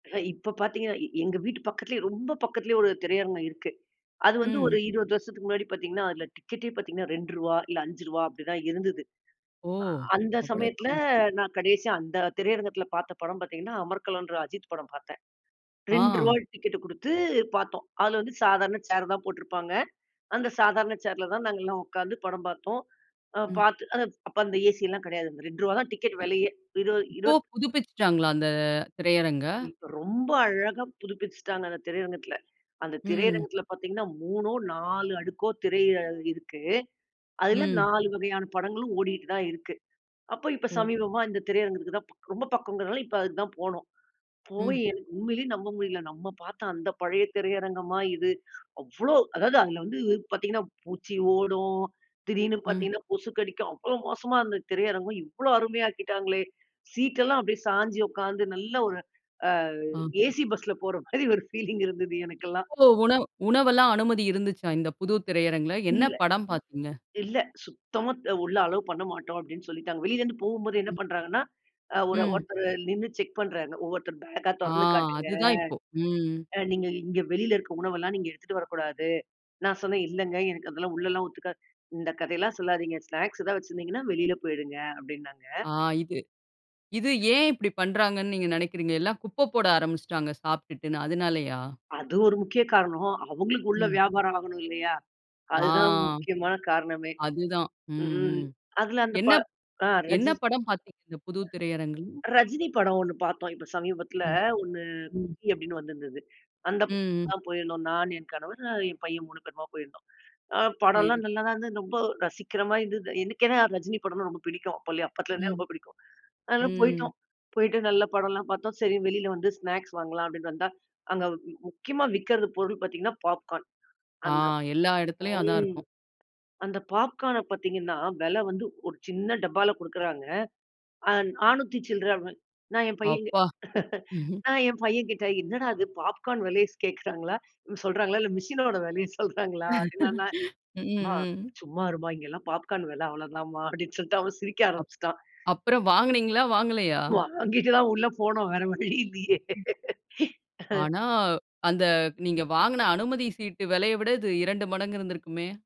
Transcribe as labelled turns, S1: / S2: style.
S1: அ இப்ப பாத்தீங்கன்னா, எ எங்க வீட்டு பக்கத்துலயே, ரொம்ப பக்கத்திலேயே 1 திரையரங்கம் இருக்கு. அது வந்து ஒரு
S2: ம்.
S1: 20 வருஷத்துக்கு முன்னாடி பாத்தீங்கன்னா, அதுல டிக்கெட்டே பாத்தீங்கன்னா ரூ.2 இல்ல ரூ.5 அப்படிதான் இருந்தது.
S2: ஓ!
S1: அ அந்த
S2: அவ்வளவு
S1: சமயத்துல
S2: கம்
S1: நான் கடைசியா, அந்த திரையரங்கத்துல பாத்த படம் பாத்தீங்கன்னா, அமர்களம்ன்ற அஜித் படம் பாத்தேன். ரூ.2
S2: ஆ.
S1: டிக்கெட்டு குடுத்து பாத்தோம். அதுல வந்து சாதாரண சேர் தான் போட்டிருப்பாங்க. அந்த சாதாரண சேர்ல தான் நாங்கல்லாம் உக்காந்து படம் பாத்தோம். அ
S2: ம்.
S1: பாத்து அ அப்ப அந்த ஏசிலாம் கிடையாது. அந்த ரூ. 2 தான் டிக்கெட் வெலையே. இருவ
S2: இப்போ
S1: இருவத்
S2: புதுப்பிச்சுட்டாங்களா, அந்த திரையரங்க?
S1: இப்ப ரொம்ப அழகா புதுப்பிச்சுட்டாங்க, அந்த திரையரங்கத்துல. அந்த
S2: ம்.
S1: திரையரங்கத்துல பாத்தீங்கன்னா, 3நோ, 4 அடுக்கோ திரை அ இருக்கு. அதுல
S2: ம்.
S1: 4 வகையான படங்களும் ஓடிட்டு தான் இருக்கு. அப்போ இப்போ
S2: ஓ!
S1: சமீபமா இந்த திரையரங்குக்கு தான், ரொம்ப பக்கம்ங்கிறதனால, இப்ப அதுக்கு தான் போனோம். போய்
S2: ம்.
S1: எனக்கு உண்மையிலயே நம்ப முடியல. "நம்ம பாத்த அந்த பழைய திரையரங்கமா இது?" அவ்வளோ அதாவது, அதுல வந்து பாத்தீங்கன்னா, பூச்சி ஓடும். திடீர்னு
S2: ம்.
S1: பாத்தீங்கன்னா, கொசுக்கடிக்கும். அவ்வளோ மோசமா இருந்த திரையரங்கம், இவ்வளோ அருமையா ஆக்கிட்டாங்களே! சீட் எல்லாம் அப்டியே சாய்ஞ்சி உக்காந்து நல்லா ஒரு அ
S2: அ.
S1: ஏசி பஸ்ல போற மாரி ஒரு ஃபீலிங் இருந்தது எனக்கெல்லாம்.
S2: ஒ உணவு உணவெல்லாம் அனுமதி இருந்துச்சா, இந்த புது திரையரங்குல, என்ன
S1: இல்ல
S2: படம் பாத்தீங்க?
S1: இல்ல. "சுத்தமா அ உள்ள அலோவ் பண்ணமாட்டோம்" அப்டின்னு சொல்லிட்டாங்க. வெளியிலருந்து போகும்போதே என்ன
S2: ம்.
S1: பண்றாங்கன்னா, அ ஒரு
S2: ம்.
S1: ஒருத்தரு நின்னு செக் பண்றாங்க. ஒவ்வொருத்தர் பேக்கா
S2: ஆ
S1: தொறந்து காட்டுங்க.
S2: அதுதான் இப்போ, ம்.
S1: அ நீங்க இங்க வெளியில இருக்க உணவெல்லாம் நீங்க எடுத்துட்டு வரக்கூடாது. நான் சொன்னேன், "இல்லைங்க, எனக்கு அதெல்லாம் உள்ளலாம் ஒத்துக்காது" "இந்த கதையெல்லாம் சொல்லாதீங்க. ஸ்நாக்ஸ் ஏதாவது வச்சிருந்தீங்கன்னா, வெளியில போய்டுங்க"அப்டின்னாங்க.
S2: ஆ, இது. இது ஏன் இப்படி பண்றாங்கன்னு, நீங்க நெனக்கிறீங்க? எல்லாம் குப்ப போட ஆரம்பிச்சுட்டாங்க, சாப்ட்டுட்டுன்னு அதனாலயா?
S1: அது ஒரு முக்கிய காரணம். அவுங்களுக்கு உள்ள
S2: ம்.
S1: வியாபாரம் ஆகணும் இல்லையா?
S2: ஆ,
S1: அதுதான் முக்கியமான காரணமே.
S2: அதுதான். ம்,
S1: ம்,
S2: ம்.
S1: அதுல அந்த ப
S2: என்னப்
S1: அ
S2: என்ன
S1: ரஜி
S2: படம் பாத்தீங்க, இந்த புது திரையரங்குல?
S1: ரஜினி படம் 1 பாத்தோம். இப்போ சமீபத்துல
S2: ம்,
S1: ஒண்ணு,
S2: ம்.
S1: "குட்டி" அப்டின்னு வந்திருந்தது. அந்த படத்துக்கு
S2: ம்.
S1: தான் போயிருந்தோம். நான் என் கணவர் அ என் பையன் 3 பேருமா போயிருந்தோம். அ
S2: சேரி.
S1: படம்லாம் நல்லாதான் இருந்தது, ரொம்ப ரசிக்குற மாதிரி இருந்தது. எனக்கென்ன, ரஜினி படம்னா ரொம்ப பிடிக்கும். அப்போலயே அப்போத்துலருந்தே
S2: ம்.
S1: ரொம்ப பிடிக்கும். அதனால
S2: ம்.
S1: போயிட்டோம். போயிட்டு, நல்லா படம்லாம் பார்த்தோம். சரி வெளியில வந்து ஸ்நாக்ஸ் வாங்கலாம் அப்டின்ட்டு வந்தா, அங்க முக்கியமா விக்கிறது பொருள் பாத்தீங்கன்னா, பாப்கார்ன்.
S2: ஆ,
S1: அந்த,
S2: எல்லா எடத்துலயும் அதான்
S1: ம்
S2: இருக்கும்.
S1: அந்த பாப்கார்ன பாத்தீங்கன்னா, வெல வந்து ஒரு சின்ன டப்பால குடுக்குறாங்க. ஆ நானூத்தி சில்லற. நான் என் பையன் கி
S2: அப்பா!
S1: நான் என் பையன்கிட்ட, "என்னடா இது பாப்கார்ன் விலையை ஸ் கேக்குறாங்களா சொல்றாங்களா, இல்ல மிஷினோட விலைய சொல்றாங்களா?" அப்டின்ன நா
S2: ம்,
S1: "மா
S2: ம்.
S1: சும்மா இரும்மா இங்கலாம் பாப்கார்ன் விலை அவ்வளவு தான்ம்மா" அப்படின்னு சொல்ட்டு அவன் சிரிக்க
S2: அப்
S1: ஆரம்பிச்சுட்டான்.
S2: அப்புறம் வாங்குனீங்களா? வாங்கலையா?
S1: வாங்கிட்டு தான் உள்ள போனோம் வேற வழி இல்லையே!
S2: ஆனா, அந்த நீங்க வாங்குன அனுமதி சீட்டு வெலைய விட, இது 2 மடங்கு இருந்திருக்குமே!